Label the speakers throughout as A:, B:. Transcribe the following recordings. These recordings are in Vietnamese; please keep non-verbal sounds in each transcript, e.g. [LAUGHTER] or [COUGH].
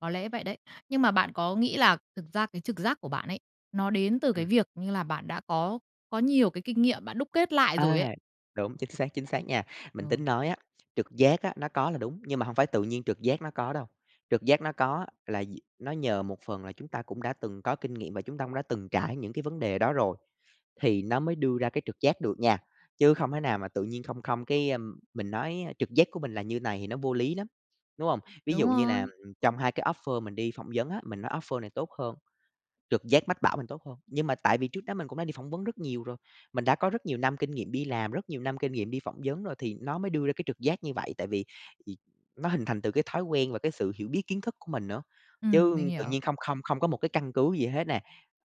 A: Có lẽ vậy đấy. Nhưng mà bạn có nghĩ là thực ra cái trực giác của bạn ấy, nó đến từ cái
B: Ừm.
A: việc, như là, bạn đã có có nhiều cái kinh nghiệm bạn đúc kết lại rồi ấy.
B: À! Đúng, chính xác, chính xác nha.
A: Ờ.
B: Mình tính nói á, trực giác á, nó có là đúng, nhưng mà hông phải tự nhiên trực giác nó có đâu. Trực giác nó có là d nó nhờ một phần là chúng ta cũng đã từng có kinh nghiệm và chúng ta cũng đã từng trải những cái vấn đề đó rồi, thì nó mới đưa ra cái trực giác được nha. Chứ không thể nào mà tự nhiên không không cái, a, mình nói, a, trực giác của mình là như này thì nó vô lý lắm. Đúng không? Ví
A: Đúng
B: dụ như là, ừm,
A: rồi.
B: ừm, trong hai cái offer mình đi phỏng vấn á, mình nói offer này tốt hơn, trực giác mách bảo mình tốt hơn. Nhưng mà tại vì trước đó mình cũng đã đi phỏng vấn rất nhiều rồi, mình đã có rất nhiều năm kinh nghiệm đi làm, rất nhiều năm kinh nghiệm đi phỏng vấn rồi thì nó mới đưa ra cái trực giác như vậy. Tại vì vì nó hình thành từ cái thói quen và cái sự hiểu biết kiến thức của mình nữa,
A: Ừm, mình
B: chứ tự
A: hiểu.
B: nhiên không không không có một cái căn cứ gì hết nè.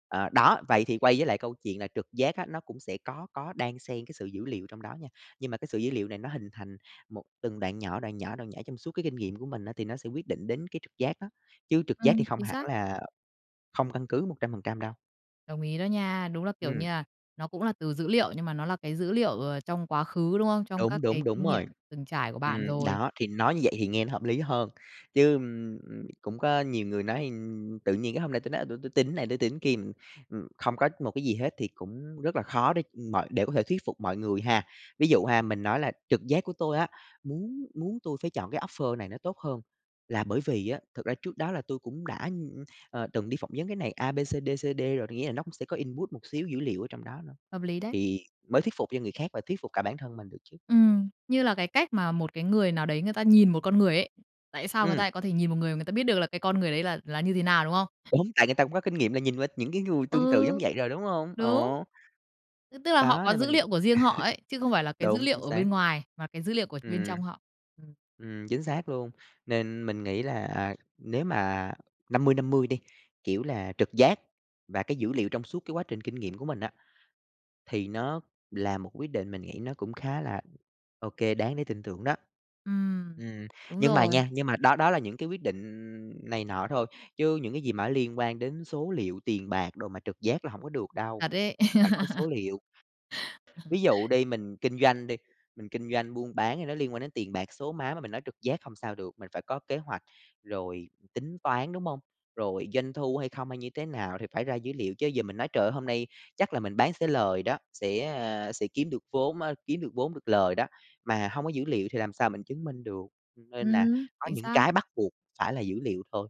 B: À, đó, vậy thì quay với lại câu chuyện là trực giác á, nó cũng sẽ có có đan xem cái sự dữ liệu trong đó nha, nhưng mà cái sự dữ liệu này nó hình thành một từng đoạn nhỏ, đoạn nhỏ, đoạn nhỏ trong suốt cái kinh nghiệm của mình á thì nó sẽ quyết định đến cái trực giác đó. Chứ trực giác thì
A: Ừm,
B: hông
A: chính
B: hẳn
A: xác.
B: là không căn cứ 100% đâu.
A: Đồng ý đó nha. Đúng là, kiểu
B: Ừm.
A: như à, nó cũng là từ dữ liệu, nhưng mà nó là cái dữ liệu, ờ, trong quá khứ, đúng không? Trong
B: Đúng,
A: các cái
B: đúng, đúng
A: kinh nghiệm
B: rồi.
A: từng trải của bạn
B: Ừm,
A: rồi.
B: đó thì nói như vậy thì nghe nó hợp lý hơn, chứ, ưm, ưm, cũng có nhiều người nói, ừm, tự nhiên cái hôm nay tôi nói: "À, tui tui tin cái này, tui tin kia." Ừm, ừm, không có một cái gì hết thì cũng rất là khó để, ừm, mọi để có thể thuyết phục mọi người ha. Ví dụ ha, mình nói là trực giác của tôi á, muốn muốn tui phải chọn cái offer này nó tốt hơn, là bởi vì á, thực ra trước đó là tui cũng đã, ưm, à, từng đi phỏng vấn cái này A, B, C, D, C, D rồi, thì nghĩa là nó cũng sẽ có input một xíu dữ liệu ở trong đó nữa
A: Hợp lý đấy.
B: thì mới thuyết phục cho người khác và thuyết phục cả bản thân mình được chứ.
A: Ừm. Như là cái cách mà một cái người nào đấy người ta nhìn một con người ấy. Tại sao người ta
B: Ừm.
A: lại có thể nhìn một người mà người ta biết được là cái con người đấy là là như thế nào, đúng không?
B: Đúng, tại người ta cũng có kinh nghiệm là nhìn qua những cái người tương tự giống
A: Ừ.
B: vậy rồi, đúng hông?
A: Đúng!
B: Ồ.
A: Ư, tức là họ
B: Đó
A: có
B: nên
A: dữ
B: mình [CHUCKLES]
A: liệu của riêng họ ấy, chứ không phải là cái dữ
B: đúng,
A: liệu
B: chính
A: ở
B: xác.
A: bên ngoài, mà cái dữ liệu của bên
B: Ừm.
A: trong họ. Ừm.
B: Ừm, chính xác luôn. Nên mình nghĩ là, à, nếu mà, 50-50 đi, kiểu là, trực giác và cái dữ liệu trong suốt cái quá trình kinh nghiệm của mình á, thì nó là một quyết định mình nghĩ nó cũng khá là OK đáng để tin tưởng đó.
A: Ừm.
B: Ừm,
A: Đúng
B: nhưng mà
A: rồi.
B: nha, nhưng mà đó đó là những cái quyết định, ừm, này nọ thôi, chứ những cái gì mà liên quan đến số liệu, tiền bạc đồ mà trực giác là hổng có được đâu.
A: Thật ấy.
B: Phải có số
A: [CHUCKLES]
B: liệu.
A: [CHUCKLES]
B: Ví dụ đi mình kinh doanh đi, mình kinh doanh buôn bán thì nó liên quan đến tiền bạc, số má mà mình nói trực giác hông sao được. Mình phải có kế hoạch, rồi tính toán, đúng hông? Rồi doanh thu hay không, hay như thế nào thì phải ra dữ liệu, chứ giờ mình nói: "Trời ơi, hôm nay chắc là mình bán sẽ lời đó, sẽ, à, sẽ kiếm được vốn á, kiếm được vốn được lời đó" mà hông có dữ liệu thì làm sao mình chứng minh được, ừm, nên là
A: Ừm,
B: có
A: chính
B: những
A: xác.
B: cái bắt buộc phải là dữ liệu thôi.